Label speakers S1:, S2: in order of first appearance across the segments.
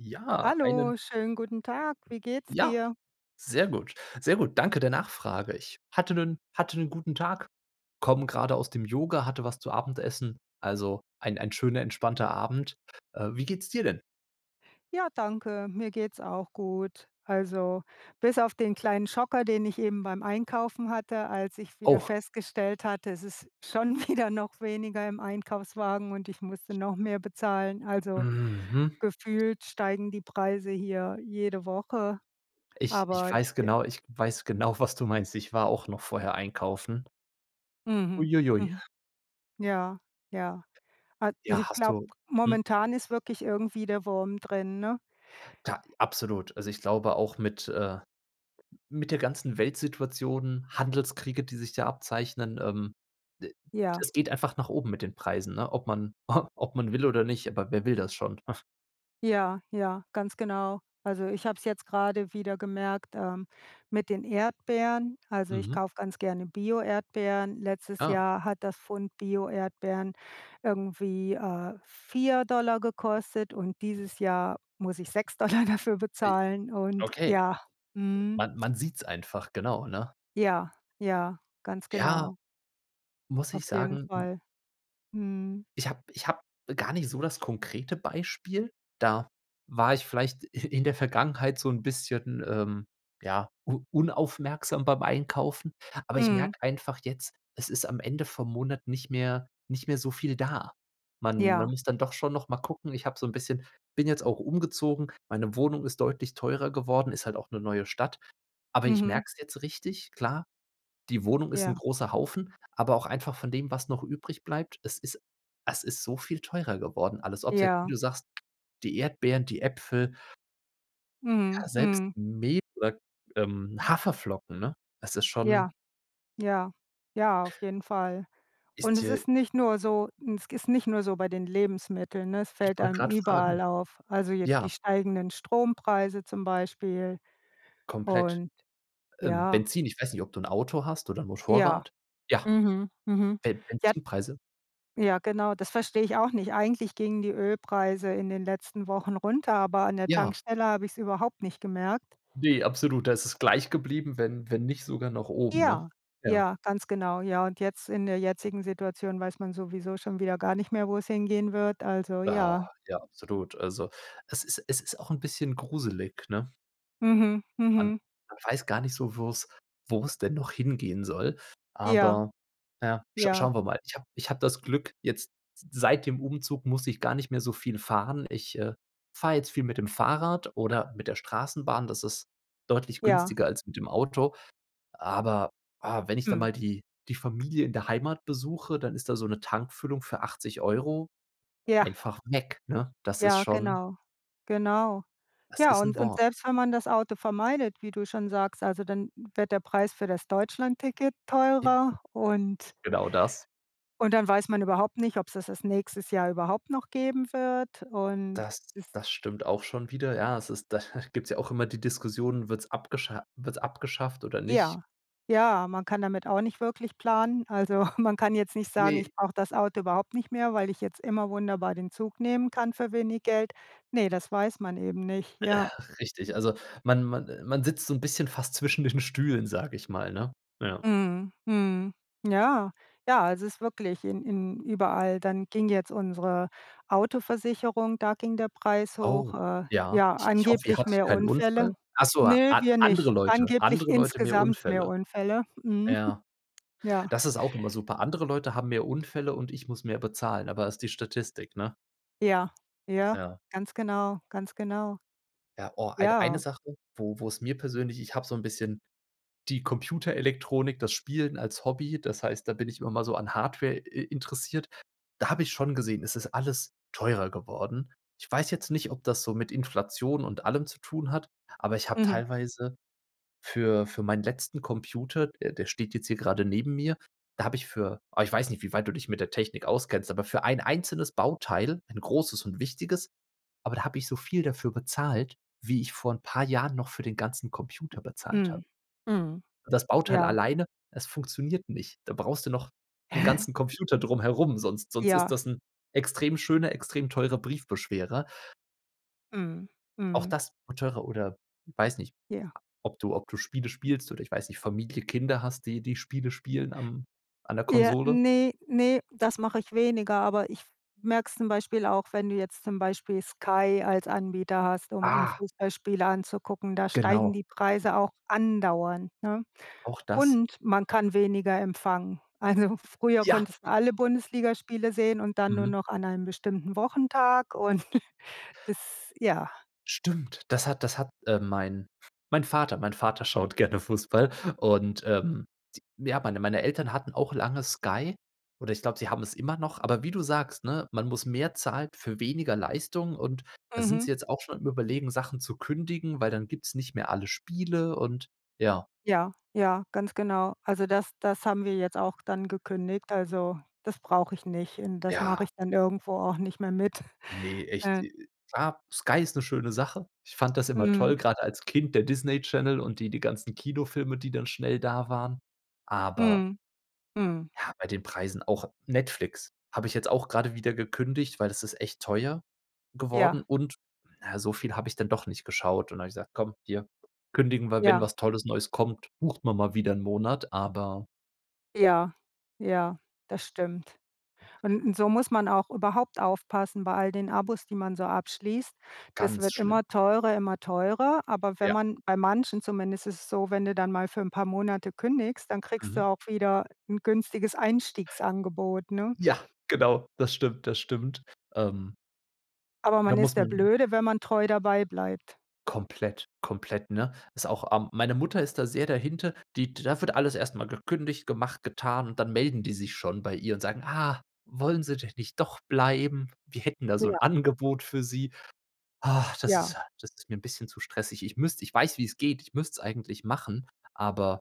S1: Ja, einen
S2: Hallo, schönen guten Tag. Wie geht's
S1: Ja.
S2: dir?
S1: Sehr gut. Sehr gut. Danke der Nachfrage. Ich hatte 'nen hatte 'nen guten Tag. Komme grade aus dem Yoga, hatte was zu Abendessen. Also, ein ein schöner, entspannter Abend. Äh, wie geht's dir denn?
S2: Ja, danke. Mir geht's auch gut. Also, bis auf den kleinen Schocker, den ich eben beim Einkaufen hatte, als ich wieder
S1: Oh.
S2: festgestellt hatte, es ist schon wieder noch weniger im Einkaufswagen und ich musste noch mehr bezahlen. Also,
S1: Mhm.
S2: gefühlt steigen die Preise hier jede Woche,
S1: Ich ich
S2: aber
S1: weiß
S2: j
S1: genau ich weiß genau, was du meinst. Ich war auch noch vorher einkaufen.
S2: Mhm,
S1: Ui ui ui.
S2: mhm. Ja, ja. Al
S1: Ja,
S2: ich
S1: hast
S2: glaube,
S1: du hm.
S2: momentan ist wirklich irgendwie der Wurm drin, ne?
S1: Ja, absolut! Also, ich glaube auch mit, äh, mit der ganzen Weltsituation, Handelskriege, die sich da abzeichnen, ähm, d
S2: Ja.
S1: das geht einfach nach oben mit den Preisen, ne. Ob man ob man will oder nicht, aber wer will das schon?
S2: Ja, ja, ganz genau. Also, ich habe es jetzt grade wieder gemerkt, ähm, mit den Erdbeeren. Also, ich
S1: Mhm.
S2: kaufe ganz gerne Bio-Erdbeeren. Letztes
S1: Ah.
S2: Jahr hat das Pfund Bio-Erdbeeren irgendwie, äh, 4 $ gekostet und dieses Jahr muss ich 6 $ dafür
S1: Ai
S2: bezahlen und
S1: Okay.
S2: Ja,
S1: D
S2: mhm.
S1: man man sieht's einfach, genau, ne?
S2: Ja, ja, ganz
S1: Ja!
S2: genau.
S1: Muss
S2: Auf
S1: ich
S2: jeden
S1: sagen, m
S2: Fall. Mhm.
S1: Ich habe ich habe gar nicht so das konkrete Beispiel. Da war ich vielleicht in der Vergangenheit so 'n bisschen, ähm, ja, u unaufmerksam beim Einkaufen. Aber ich
S2: Mhm.
S1: merke einfach jetzt, es ist am Ende vom Monat nicht mehr nicht mehr so viel da. Man man
S2: Ja.
S1: muss dann doch schon noch mal gucken. Ich habe so 'n bisschen bin jetzt auch umgezogen. Meine Wohnung ist deutlich teurer geworden. Ist halt auch 'ne neue Stadt. Aber ich
S2: Mhm.
S1: merke es jetzt richtig. Klar, die Wohnung ist 'n
S2: Ja.
S1: großer Haufen, aber auch einfach von dem, was noch übrig bleibt. Es ist es ist so viel teurer geworden alles, ob es jetzt, wie
S2: Ja.
S1: du sagst, die Erdbeeren, die Äpfel
S2: Mhm,
S1: Ja, selbst
S2: mhm.
S1: me oder, ähm, Haferflocken, ne? Das ist schon
S2: Ja, ja, ja, auf jeden Fall. Und
S1: Ist
S2: es
S1: dir
S2: ist nicht nur so es ist nicht nur so bei den Lebensmitteln, ne, es
S1: Ich
S2: fällt
S1: wollte
S2: einem
S1: gerad fragen.
S2: überall auf. Also, je
S1: Ja.
S2: die steigenden Strompreise zum Beispiel
S1: Komplett,
S2: und
S1: ähm,
S2: ja.
S1: Benzin. Ich weiß nicht, ob du 'n Auto hast oder 'n
S2: Ja.
S1: Motorrad. Ja.
S2: Mhm, mhm,
S1: Be
S2: ja
S1: Benzinpreise?
S2: ja, genau, das verstehe ich auch nicht. Eigentlich gingen die Ölpreise in den letzten Wochen runter, aber an der
S1: Ja.
S2: Tankstelle habe ich es überhaupt nicht gemerkt.
S1: Ne, absolut, da ist es gleich geblieben, wenn wenn nicht sogar noch oben, ne?
S2: Ja,
S1: Ja.
S2: ja, ganz genau, ja. Und jetzt in der jetzigen Situation weiß man sowieso schon wieder gar nicht mehr, wo es hingehen wird, also,
S1: Ah,
S2: ja.
S1: ja, absolut. Also es ist es ist auch 'n bisschen gruselig, ne?
S2: Mhm,
S1: Man
S2: mhm.
S1: man weiß gar nicht so, wo es wo es denn noch hingehen soll.
S2: Ja.
S1: Aber ja, sch
S2: Ja.
S1: schauen wir mal. Ich habe ich habe das Glück, jetzt s seit dem Umzug muss ich gar nicht mehr so viel fahren. Ich, äh, fahre jetzt viel mit dem Fahrrad oder mit der Straßenbahn. Das ist deutlich
S2: Ja.
S1: günstiger als mit dem Auto. Aber, ah, wenn ich da
S2: Mhm.
S1: mal die die Familie in der Heimat besuche, dann ist da so 'ne Tankfüllung für 80 €
S2: Ja.
S1: einfach weg, ne? Das ist
S2: Ja,
S1: schon
S2: genau. Genau.
S1: das
S2: Ja,
S1: ist
S2: und
S1: 'n
S2: und
S1: Wort.
S2: selbst wenn man das Auto vermeidet, wie du schon sagst, also dann wird der Preis für das Deutschlandticket
S1: [unintelligible]
S2: teurer und
S1: Genau das.
S2: und dann weiß man überhaupt nicht, ob's das das nächstes Jahr überhaupt noch geben wird und
S1: Das
S2: ist
S1: das stimmt auch schon wieder. Ja, es ist da gibt's ja auch immer die Diskussionen. Wird's abgescha wird's abgeschafft oder nicht?
S2: Ja, ja, man kann damit auch nicht wirklich planen. Also, man kann jetzt nicht sagen,
S1: Ne.
S2: ich brauche das Auto überhaupt nicht mehr, weil ich jetzt immer wunderbar den Zug nehmen kann für wenig Geld. Ne, das weiß man eben nicht,
S1: Äh,
S2: ja.
S1: richtig. Also, man man man sitzt so 'n bisschen fast zwischen den Stühlen, sage ich mal, ne? Ja.
S2: Mhm, mhm, ja, ja, also ist wirklich in in überall. Dann ging jetzt unsere Autoversicherung, da ging der Preis
S1: Oh,
S2: hoch, äh,
S1: ja,
S2: ja,
S1: ich ich hoffe, ihr
S2: angeblich
S1: hattet
S2: mehr
S1: keinen
S2: Unfälle.
S1: Unfall. Ach so, a
S2: Ne, wir
S1: andere
S2: nicht.
S1: Leute
S2: Angeblich
S1: andere Leute, mehr
S2: insgesamt mehr
S1: Unfälle.
S2: Unfälle. Mhm.
S1: Ja.
S2: Ja.
S1: Das ist auch immer super. Andere Leute haben mehr Unfälle und ich muss mehr bezahlen, aber ist die Statistik, ne?
S2: Ja, ja,
S1: Ja.
S2: ganz genau, ganz genau.
S1: Ja, oh, eid eine
S2: Ja.
S1: Sache, wo wo es mir persönlich ich habe so 'n bisschen die Computerelektronik, das Spielen als Hobby. Das heißt, da bin ich immer mal so an Hardware i interessiert. Da habe ich schon gesehen, es ist alles teurer geworden. Ich weiß jetzt nicht, ob das so mit Inflation und allem zu tun hat, aber ich habe
S2: Mhm.
S1: teilweise für für meinen letzten Computer, der der steht jetzt hier grade neben mir, da habe ich für aber ich weiß nicht, wie weit du dich mit der Technik auskennst, aber für ein einzelnes Bauteil, ein großes und wichtiges, aber da habe ich so viel dafür bezahlt, wie ich vor paar Jahren noch für den ganzen Computer bezahlt habe.
S2: Mhm, mhm,
S1: Das Bauteil
S2: ja.
S1: alleine, es funktioniert nicht. Da brauchst du noch 'n
S2: Hä?
S1: ganzen Computer drumherum, sonst sonst ist
S2: Ja.
S1: das 'n extrem schöner, extrem teurer Briefbeschwerer.
S2: Mhm,
S1: Auch
S2: mhm.
S1: das wird teurer. Oder, weiß nicht,
S2: Ja.
S1: ob du ob du Spiele spielst, oder ich weiß nicht, Familie, Kinder hast, die die Spiele spielen am an der
S2: Ja,
S1: Konsole?
S2: ne, ne. Das mache ich weniger, aber ich f merke es zum Beispiel auch, wenn du jetzt zum Beispiel Sky als Anbieter hast, um um
S1: Ah.
S2: Fußballspiele anzugucken. Da steigen
S1: Genau.
S2: die Preise auch andauernd, ne.
S1: Auch das.
S2: Und man kann weniger empfangen. Also, früher
S1: Ja.
S2: konntest du alle Bundesligaspiele sehen und dann nur
S1: Mhm.
S2: noch an einem bestimmten Wochentag und das, ja.
S1: Stimmt. Das hat das hat, äh, mein mein Vater mein Vater schaut gerne Fußball und, ähm, t ja, meine meine Eltern hatten auch lange Sky, oder ich glaube, sie haben es immer noch, aber wie du sagst, ne: „Man muss mehr zahlen für weniger Leistung“, und da sind
S2: Mhm.
S1: sie jetzt auch schon am Überlegen, Sachen zu kündigen, weil dann gibt es nicht mehr alle Spiele. Und, ja.
S2: Ja, ja, ganz genau. Also, das das haben wir jetzt auch dann gekündigt. Also, das brauche ich nicht. N das mache
S1: Ja.
S2: ich dann irgendwo auch nicht mehr mit,
S1: Ne, echt, äh,
S2: ähm
S1: äh, ah, Sky ist 'ne schöne Sache. Ich fand das immer
S2: Mhm.
S1: toll, grad als Kind. Der Disney Channel und die die ganzen Kinofilme, die dann schnell da waren. Aber
S2: Mhm, mhm.
S1: ja, bei den Preisen. Auch Netflix habe ich jetzt auch grade wieder gekündigt, weil das ist echt teuer
S2: Ja.
S1: geworden, und, na, so viel habe ich dann doch nicht geschaut und da habe ich gesagt: „Komm, hier, kündigen wir. Wenn
S2: Ja.
S1: was Tolles Neues kommt, bucht man mal wieder 'nen Monat.“ Aber
S2: Ja, ja, das stimmt. Und so muss man auch überhaupt aufpassen bei all den Abos, die man so abschließt. Das
S1: Ganz
S2: wird
S1: schlimm.
S2: immer teurer, immer teurer, aber wenn
S1: Ja.
S2: man bei manchen, zumindest ist es so, wenn du dann mal für 'n paar Monate kündigst, dann kriegst du
S1: Mhm.
S2: auch wieder 'n günstiges Einstiegsangebot, ne?
S1: Ja, genau. Das stimmt. Das stimmt. Ähm
S2: Aber
S1: da
S2: man
S1: muss
S2: ist der
S1: man
S2: Blöde, wenn man treu dabei bleibt.
S1: Komplett, komplett, ne? Ist auch ähm, meine Mutter ist da sehr dahinter. Die da wird alles erstmal gekündigt, gemacht, getan. Und dann melden die sich schon bei ihr und sagen: „Ah, wollen Sie denn nicht doch bleiben? Wir hätten da so 'n
S2: Ja.
S1: Angebot für sie." Ah, das ist
S2: Ja.
S1: Das ist mir 'n bisschen zu stressig. Ich müsste ich weiß, wie es geht. Ich müsste es eigentlich machen, aber,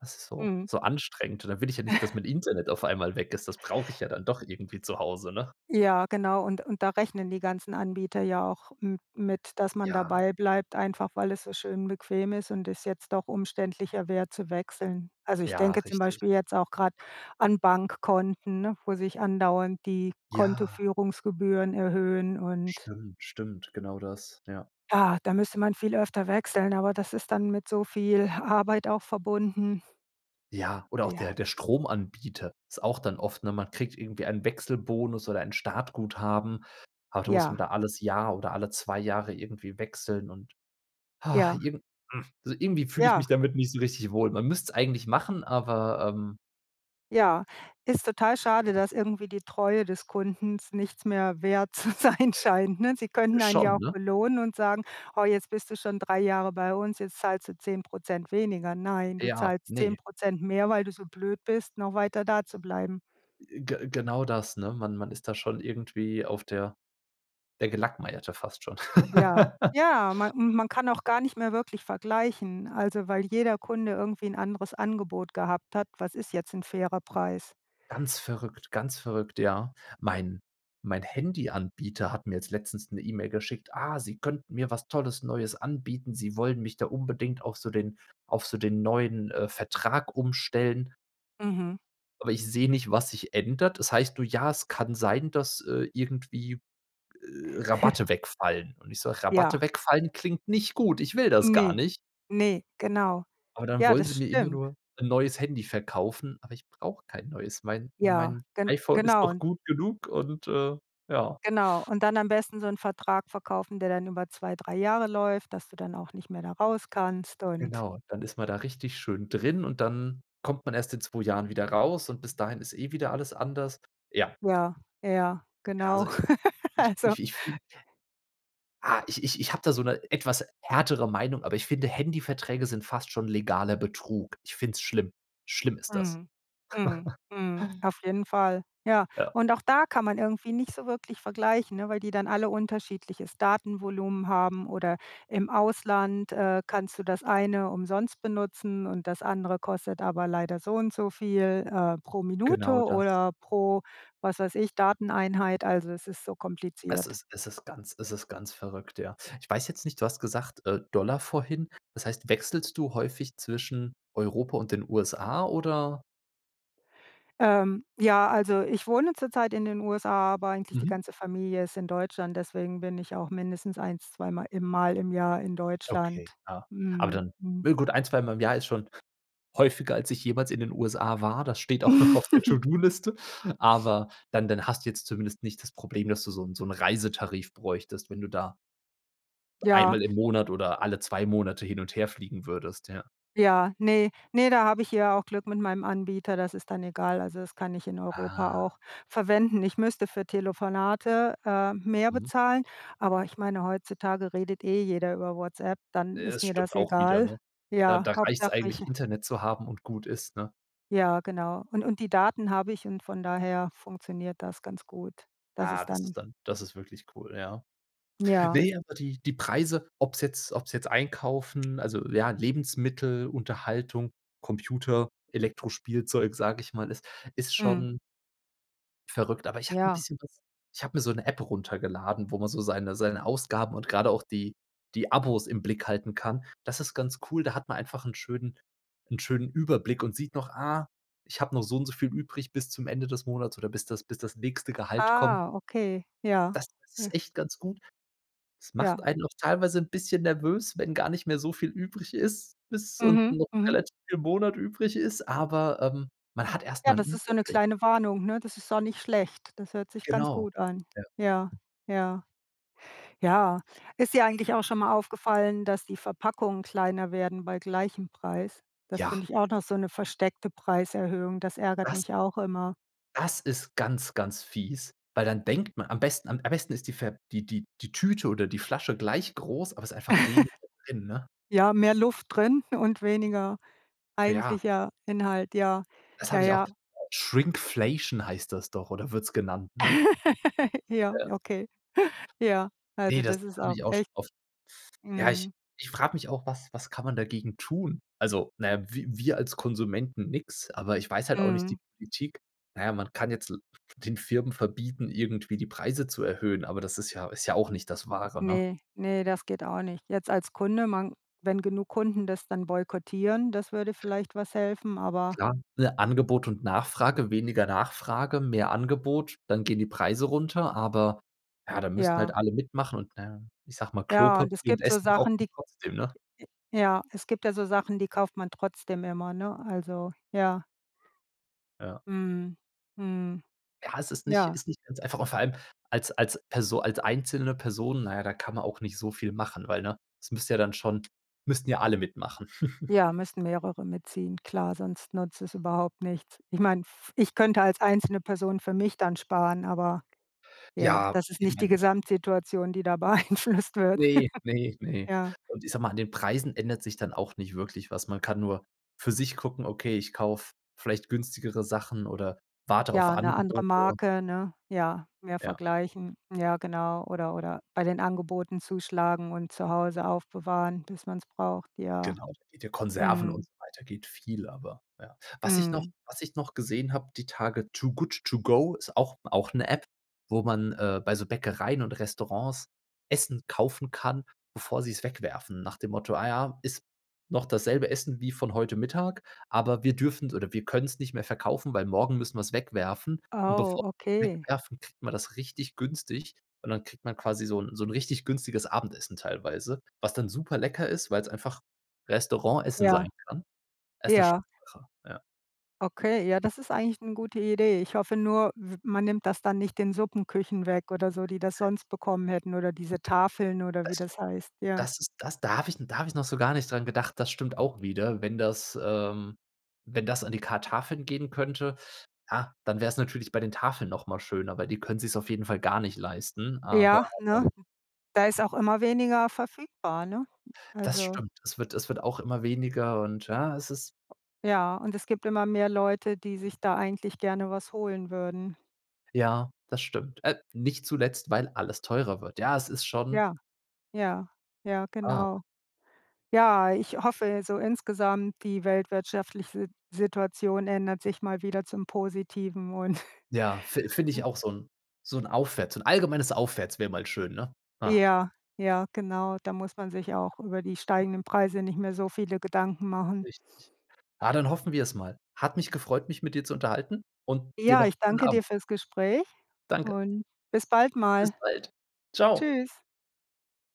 S1: es ist so
S2: Mhm.
S1: so anstrengend. Und dann will ich ja nicht, dass mein Internet auf einmal weg ist, das brauche ich ja dann doch irgendwie zu Hause, ne?
S2: Ja, genau, und und da rechnen die ganzen Anbieter ja auch m mit, dass man
S1: Ja.
S2: dabei bleibt, einfach weil es so schön bequem ist und das jetzt doch umständlicher wäre zu wechseln. Also ich
S1: Ja,
S2: denke zum
S1: richtig.
S2: Beispiel jetzt auch gerade an Bankkonten, ne, wo sich andauernd die
S1: Ja.
S2: Kontoführungsgebühren erhöhen und
S1: Stimmt, stimmt. Genau das, ja.
S2: Ja, da müsste man viel öfter wechseln, aber das ist dann mit so viel Arbeit auch verbunden.
S1: Ja, oder auch
S2: Ja.
S1: der der Stromanbieter ist auch dann oft ne, man kriegt irgendwie einen Wechselbonus oder ein Startguthaben. Aber da muss man
S2: Ja.
S1: da alles Jahr oder alle 2 Jahre irgendwie wechseln und
S2: Ja.
S1: irgend also irgendwie fühle ich mich
S2: Ja.
S1: damit nicht so richtig wohl. Man müsste es eigentlich machen, aber, ähm
S2: Ja, ist total schade, dass irgendwie die Treue des Kunden nichts mehr wert zu sein scheint, ne? Sie könnten einen ja
S1: Schon,
S2: auch
S1: ne?
S2: belohnen und sagen: „Ah jetzt bist du schon 3 Jahre bei uns, jetzt zahlst du 10 % weniger." Nein, du
S1: Ja,
S2: zahlst
S1: ne?
S2: 10 % mehr, weil du so blöd bist, noch weiter da zu bleiben.
S1: Äh, ge genau das, ne, man man ist da schon irgendwie auf der der Gelackmeierte fast schon.
S2: Ja. Ja, man man kann auch gar nicht mehr wirklich vergleichen. Also, weil jeder Kunde irgendwie 'n anderes Angebot gehabt hat, was ist jetzt 'n fairer Preis?
S1: Ganz verrückt, ganz verrückt. Ja, mein mein Handyanbieter hat mir jetzt letztens 'ne E-Mail geschickt: „Ah, sie könnten mir was Tolles Neues anbieten. Sie wollen mich da unbedingt auf so den auf so den neuen, äh, Vertrag umstellen.“
S2: Mhm.
S1: Aber ich sehe nicht, was sich ändert. Es heißt nur, ja, es kann sein, dass, äh, irgendwie, äh, Rabatte wegfallen. Und ich sage:
S2: Ja.
S1: "Rabatte wegfallen klingt nicht gut, ich will das gar
S2: Ne,
S1: nicht."
S2: ne, genau.
S1: Aber dann
S2: Ja,
S1: wollen sie
S2: das
S1: mir immer
S2: stimmt.
S1: nur 'n neues Handy verkaufen, aber ich brauche kein neues. Mein
S2: Ja,
S1: mein
S2: gen
S1: iPhone ist noch
S2: genau.
S1: gut genug und, äh, ja.
S2: Genau, und dann am besten so 'n Vertrag verkaufen, der dann über 2, 3 Jahre läuft, dass du dann auch nicht mehr da raus kannst und
S1: Genau, dann ist man da richtig schön drin und dann kommt man erst in 2 Jahren wieder raus. Und bis dahin ist eh wieder alles anders, ja.
S2: Ja, ja,
S1: Ja, also
S2: genau.
S1: ich ich
S2: Also
S1: ich ich fühle Ah, ich ich ich habe da so 'ne etwas härtere Meinung. Aber ich finde, Handyverträge sind fast schon legaler Betrug. Ich finde es schlimm. Schlimm ist das.
S2: Mhm, mhm, mhm, auf jeden Fall, ja.
S1: Ja.
S2: Und auch da kann man irgendwie nicht so wirklich vergleichen, ne, weil die dann alle unterschiedliches Datenvolumen haben oder im Ausland, äh, kannst du das eine umsonst benutzen und das andere kostet aber leider so und so viel, äh, pro Minute
S1: Genau das.
S2: oder pro, was weiß ich, Dateneinheit, also es ist so
S1: Es
S2: kompliziert.
S1: ist es ist ganz es ist ganz verrückt. Ja, ich weiß jetzt nicht du hast gesagt, äh, Dollar vorhin. Das heißt, wechselst du häufig zwischen Europa und den USA, oder?
S2: Ähm, ja, also ich wohne zurzeit in den USA, aber eigentlich die
S1: Mhm.
S2: ganze Familie ist in Deutschland, deswegen bin ich auch mindestens eins, zweimal, im Mal im Jahr in Deutschland.
S1: Okay, ja. Aber
S2: Mhm,
S1: dann
S2: mhm.
S1: ja gut ein, zweimal im Jahr ist schon häufiger, als ich jemals in den USA war, das steht auch noch auf der To-do-Liste, aber dann dann hast du jetzt zumindest nicht das Problem, dass du so 'n so 'n Reisetarif bräuchtest, wenn du da
S2: Ja.
S1: einmal im Monat oder alle 2 Monate hin und her fliegen würdest, ja.
S2: Ja, ne, ne, da habe ich ja auch Glück mit meinem Anbieter, das ist dann egal. Also, das kann ich in Europa
S1: Ah.
S2: auch verwenden. Ich müsste für Telefonate, äh, mehr
S1: Mhm.
S2: bezahlen, aber ich meine, heutzutage redet eh jeder über WhatsApp, dann
S1: Äh, das
S2: ist mir
S1: stimmt
S2: das
S1: auch wieder,
S2: egal.
S1: ne? Da,
S2: Ja,
S1: da reicht's
S2: Hauptsache ich
S1: eigentlich Internet zu haben und gut ist, ne?
S2: ja, genau. Und und die Daten habe ich und von daher funktioniert das ganz gut. Das
S1: Ja,
S2: ist
S1: das
S2: dann
S1: ist dann das ist wirklich cool, ja.
S2: Ja.
S1: Ne, aber die die Preise, ob's jetzt, ob's jetzt einkaufen also, ja, Lebensmittel, Unterhaltung, Computer, Elektrospielzeug, sage ich mal, ist, ist
S2: Mhm.
S1: schon Verrückt. Aber ich habe 'n
S2: Ja.
S1: bisschen was Ich habe mir so 'ne App runtergeladen, wo man so seine seine Ausgaben und gerade auch die die Abos im Blick halten kann. Das ist ganz cool. Da hat man einfach 'n schönen 'n schönen Überblick und sieht noch, ah, ich habe noch so und so viel übrig bis zum Ende des Monats oder bis das bis das nächste Gehalt kommt.
S2: Ah, okay, ja,
S1: Das ist
S2: ja.
S1: echt ganz gut. Das macht
S2: Ja.
S1: einen auch teilweise 'n bisschen nervös, wenn gar nicht mehr so viel übrig ist, bis und
S2: Mhm,
S1: noch
S2: mhm.
S1: relativ viel Monat übrig ist, aber, ähm, man hat
S2: Ja,
S1: erstmal 'n
S2: das ist so 'ne
S1: Überblick.
S2: kleine Warnung, ne? Das ist auch nicht schlecht. Das hört sich ganz
S1: Genau.
S2: gut an.
S1: Ja.
S2: Ja, ja. Ja, ist dir eigentlich auch schon mal aufgefallen, dass die Verpackungen kleiner werden bei gleichem Preis? Das
S1: Ja.
S2: finde ich auch noch so 'ne versteckte Preiserhöhung, das ärgert
S1: Was?
S2: mich auch immer.
S1: Das ist ganz, ganz fies, weil dann denkt man am besten am besten ist die Ver die die die Tüte oder die Flasche gleich groß, aber ist einfach weniger drin, ne?
S2: Ja, mehr Luft drin und weniger
S1: Ja.
S2: eigentlicher Inhalt, ja,
S1: Das
S2: ja,
S1: habe ich auch
S2: ja.
S1: [unintelligible] Shrinkflation heißt das doch, oder wird es genannt, ne?
S2: Ja,
S1: Ja.
S2: okay. Ja, also
S1: Ne, das
S2: das ist
S1: habe
S2: auch
S1: ich auch schon
S2: echt
S1: oft Ja, ich
S2: Mhm.
S1: ich frage mich auch, was was kann man dagegen tun? Also, na ja, wi wir als Konsumenten nix, aber ich weiß halt auch nicht die
S2: Mhm.
S1: Politik. Na ja, man kann jetzt l den Firmen verbieten, irgendwie die Preise zu erhöhen, aber das ist ja ist ja auch nicht das Wahre, ne?
S2: Ne, ne, das geht auch nicht. Jetzt als Kunde, man wenn genug Kunden das dann boykottieren, das würde vielleicht was helfen, aber
S1: Klar, ne, Angebot und Nachfrage. Weniger Nachfrage, mehr Angebot, dann gehen die Preise runter, aber ja, da müssten halt
S2: Ja.
S1: alle mitmachen und, na ja, ich sage mal,
S2: Ja, und es
S1: Klopapier und
S2: gibt so
S1: Essen braucht
S2: Sachen,
S1: man
S2: die
S1: trotzdem, ne?
S2: Ja. Es gibt da so Sachen, die kauft man trotzdem immer, ne? Also, ja.
S1: Ja.
S2: Mhm, mhm.
S1: Ja, es ist nicht
S2: Ja.
S1: ist nicht ganz einfach und vor allem als als Perso als einzelne Person, na ja, da kann man auch nicht so viel machen, weil ne, das müsste ja dann schon müssten ja alle mitmachen.
S2: Ja, müssen mehrere mitziehen. Klar, sonst nutzt das überhaupt nichts. Ich meine, f ich könnte als einzelne Person für mich dann sparen, aber ja,
S1: Ja,
S2: das ist
S1: ich
S2: nicht die
S1: meine
S2: Gesamtsituation, die da beeinflusst wird.
S1: Ne, ne, ne.
S2: Ja.
S1: Und ich sage mal, an den Preisen ändert sich dann auch nicht wirklich was. Man kann nur für sich gucken, okay, ich kaufe vielleicht günstigere Sachen oder warte auf
S2: Ja, 'ne andere
S1: Angebote.
S2: Marke, ne? Ja, mehr
S1: Ja.
S2: vergleichen, ja, genau, oder oder bei den Angeboten zuschlagen und zu Hause aufbewahren, bis man es braucht, ja.
S1: Genau, mit den Konserven und
S2: Mhm.
S1: so weiter geht viel, aber, ja. Was ich noch
S2: Mhm.
S1: was ich noch gesehen habe, die Tage: „Too Good To Go“ ist auch auch 'ne App, wo man, äh, bei so Bäckereien und Restaurants Essen kaufen kann, bevor sie es wegwerfen. Nach dem Motto, ah ja, ist noch dasselbe Essen wie von heute Mittag. Aber wir dürfen es oder wir können es nicht mehr verkaufen, weil morgen müssen wir es wegwerfen und bevor
S2: Oh,
S1: wir es
S2: okay.
S1: wegwerfen, kriegt man das richtig günstig. Und dann kriegt man quasi so 'n so 'n richtig günstiges Abendessen teilweise, was dann super lecker ist, weil es einfach Restaurant-Essen
S2: Ja.
S1: sein kann. Ist 'ne schöne
S2: Ja.
S1: Sache, ja.
S2: Okay, ja, das ist eigentlich 'ne gute Idee. Ich hoffe nur, w man nimmt das dann nicht den Suppenküchen weg oder so, die das sonst bekommen hätten oder diese Tafeln oder wie
S1: Das
S2: das heißt, ja.
S1: das ist das da habe ich 'n da habe ich noch so gar nicht dran gedacht. Das stimmt auch wieder. Wenn das, ähm wenn das an die ka Tafeln gehen könnte, ja, dann wäre es natürlich bei den Tafeln noch mal schöner, weil die können sich's auf jeden Fall gar nicht leisten, aber,
S2: Ja, ne?
S1: ähm
S2: Da ist auch immer weniger verfügbar, ne?
S1: Das
S2: Also
S1: stimmt. Es wird es wird auch immer weniger und, ja, es ist
S2: Ja, und es gibt immer mehr Leute, die sich da eigentlich gerne was holen würden.
S1: Ja, das stimmt. Äh, nicht zuletzt, weil alles teurer wird. Ja, es ist schon
S2: Ja, ja, ja,
S1: Ah
S2: genau. Ja, ich hoffe, so insgesamt die weltwirtschaftliche Sit Situation ändert sich mal wieder zum Positiven und
S1: Ja, fin finde ich auch so 'n so 'n Aufwärts so 'n allgemeines Aufwärts wäre mal schön, ne? Ja.
S2: Ja, ja, genau. Da muss man sich auch über die steigenden Preise nicht mehr so viele Gedanken machen.
S1: Richtig. Ja, dann hoffen wir es mal. Hat mich gefreut, mich mit dir zu unterhalten und dir
S2: Ja,
S1: noch
S2: ich
S1: 'n schönen
S2: danke dir
S1: Abend.
S2: fürs Gespräch
S1: Danke.
S2: und bis bald
S1: Bis
S2: mal.
S1: bald. Tschau.
S2: Tschüss.